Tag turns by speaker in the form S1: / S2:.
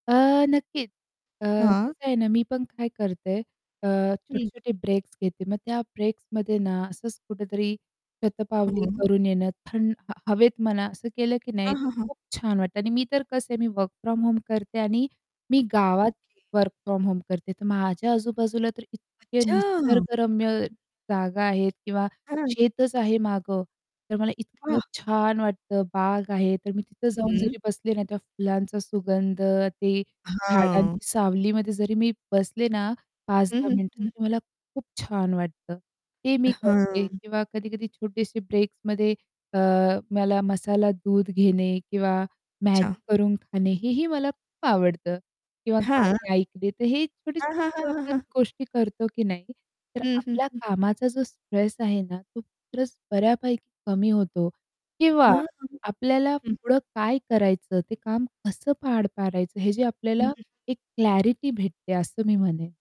S1: अ, नक्कीच अ,
S2: हां.
S1: कसं आहे ना, मी पण काय करते अ, छोटे
S2: हं.
S1: छोटे ब्रेक्स घेते मग त्या ब्रेक्समध्ये ना, असंच कुठेतरी शतपावली
S2: हां.
S1: करून येणं थं हवेत म्हणा असं केलं की नाही
S2: हां,
S1: तर
S2: हां, हां.
S1: खूप छान वाटतं आणि मी तर कसं आहे मी वर्क फ्रॉम होम करते आणि मी गावात
S2: ओके.
S1: वर्क फ्रॉम होम तर माझ्या आजूबाजूला तर इतके
S2: अच्छा! हं.
S1: निसर्गरम्य जागा आहेत किंवा
S2: हां.
S1: शेतच आहे मागं, तर मला इतकं
S2: वाह!
S1: छान वाटतं, बाग आहे तर मी तिथं जाऊन
S2: हं.
S1: जरी बसले ना त्या फुलांचा सुगंध, ते
S2: हां.
S1: झाडांची सावलीमध्ये जरी मी बसले ना
S2: हं, हं,
S1: 5-10 मिनिटं
S2: हं, हं.
S1: तर मला खूप छान वाटतं ते
S2: अ,
S1: मी
S2: हां.
S1: करते किंवा कधी-कधी छोटेसे ब्रेक्समध्ये अ, मला मसाला दूध घेणे किंवा
S2: अच्छा.
S1: Maggi करून खाणे हेही मला खूप आवडतं किंवा
S2: हां.
S1: गाणी ऐकले तर हे
S2: हां,
S1: छोटे-छोटे
S2: हां,
S1: जेव्हा
S2: हां,
S1: आपण
S2: हां.
S1: गोष्टी करतो की नाही तर
S2: हं, हं,
S1: आपल्या
S2: हं.
S1: कामाचा जो स्ट्रेस आहे ना, तो स्ट्रेस बऱ्यापैकी कमी होतो किंवा
S2: हां.
S1: आपल्याला
S2: हं.
S1: पुढं काय करायचं, ते काम कसं पार पाडायचं. हे जे आपल्याला
S2: हं.
S1: एक क्लॅरिटी भेटते असं मी म्हणेन.